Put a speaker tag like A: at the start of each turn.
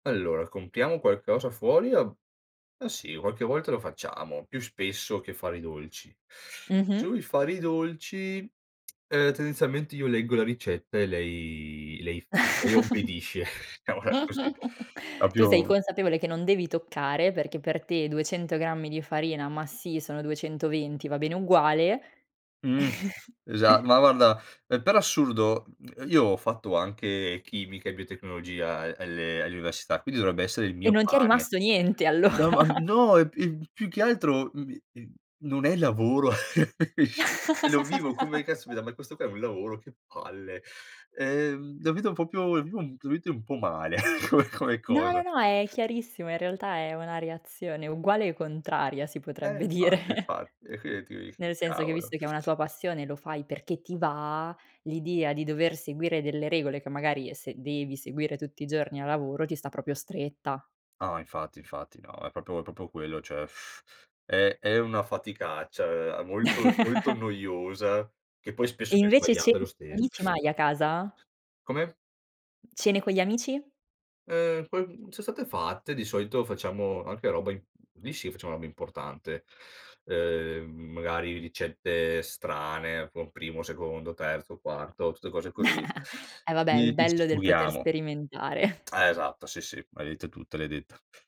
A: Allora, compriamo qualcosa fuori o ma sì, qualche volta lo facciamo. più spesso che fare i dolci.
B: Mh-mh.
A: Sui fare i dolci, ehm, tendenzialmente, io leggo la ricetta e lei lei f lei obbedisce, mola così,
B: Tu sei
A: proprio
B: consapevole che non devi toccare perché per te 200 grammi di farina, ma sì, sono 220, va bene uguale
A: Mh. Esa ma, guarda, ehm, per assurdo, io ho fatto anche chimica e biotecnologia a alle all'università, quindi dovrebbe essere il
B: E
A: mio
B: non ti è
A: pane.
B: rimasto niente
A: No,
B: allora
A: ma no e p più che altro, mhmm, non è lavoro, sce lo vivo come: "Caspita, ma questo qua è un lavoro? Che palle!". Ehm, la vedo proprio la vivo ultimamente un po' male come come
B: No, no,
A: cosa.
B: no, è chiarissimo. In realtà è una reazione uguale o contraria, si
A: Eh,
B: potrebbe dire
A: infatti, infatti. È qui che tu dici:
B: nel senso che
A: "Cavolo!"
B: visto che è una tua passione lo fai perché ti va, l'idea di dover seguire delle regole che magari, se devi seguire tutti i giorni a lavoro, ti sta proprio stretta.
A: No, infatti infatti, no, è proprio- è proprio quello, cioè è è una faticaccia, uhm, molto molto noiosa che poi spesso
B: E
A: vien
B: invece cene
A: sbagliata lo
B: con gli
A: stesso.
B: amici mai a casa?
A: Come?
B: Cene con gli amici?
A: Ehm, quel son state fatte, di solito, facciamo anche roba i lì, sì, facciamo roba importante. Ehm, magari ricette strane con primo, secondo, terzo, quarto, tutte cose così.
B: Eh vabbè,
A: Lì
B: il
A: lì ci
B: bello del poter
A: sfoghiamo.
B: sperimentare.
A: Eh, esatto, sì, sì. L'hai detta tutta, l'hai detta.